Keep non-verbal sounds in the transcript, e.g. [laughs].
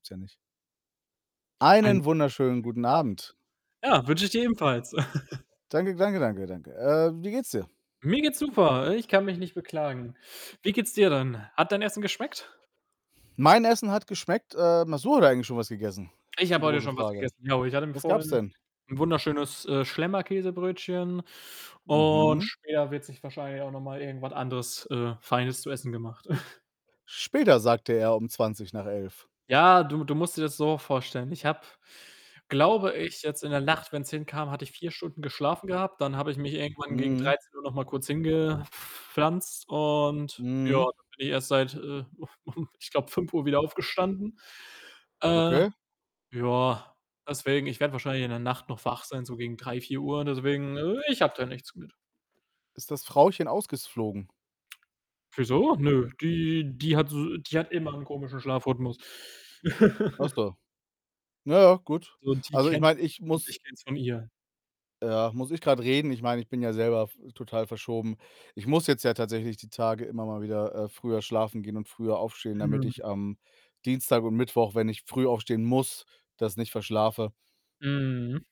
gibt's ja nicht. Einen Einen wunderschönen wunderschönen guten guten Abend. Abend. Ja, wünsche ich dir ebenfalls. [chuckles] Danke gl danke, danke, danke. Äh, wie geht's dir? Mir geht's super. Ich kann mich nicht beklagen. Wie geht's dir denn? Hat dein Essen geschmeckt? Mein Essen hat geschmeckt, ähm, hast du heute eigentlich schon was gegessen, Ich ist die habe heute große schon was Frage. gegessen, genau. Ich hatte mir Was gab's vorhin denn? 'n wunderschönes, äh, Schlemmer-Käsebrötchen und Mhm. später wird sich wahrscheinlich auch noch mal irgendwas anderes, äh, Feines zu essen gemacht. [chuckles] „Später", sagte er, um 11:20. Ja, du du musst dir das so vorstellen: Ich habe, glaube ich, jetzt in der Nacht wenn's hinkam, hatte ich 4 Stunden geschlafen gehabt. Dann habe ich mich irgendwann gegen Mhm. 13:00 noch mal kurz hingepflanzt und ja, Mhm. dann bin ich erst seit, äh, [chuckles] ich glaube, 5:00 wieder aufgestanden. Äh, Okay. ja, deswegen ich werde wahrscheinlich in der Nacht noch wach sein, so gegen 3:00, 4:00 deswegen ich habe da nichts mit. Ist das Frauchen ausgeflogen? Wieso? Nö, die die hat so die hat immer 'n komischen Schlafrhythmus. Ach [laughs] so. Na ja, gut. So, die Also, ich kennt meine, das ich schon und muss ich kenne es von ihr. Ja, muss ich grad reden. Ich meine, ich bin ja selber f total verschoben. Ich muss jetzt ja tatsächlich die Tage immer mal wieder, äh, früher schlafen gehen und früher aufstehen, damit Mhm. ich am Dienstag und Mittwoch, wenn ich früh aufstehen muss, das nicht verschlafe. Mhm.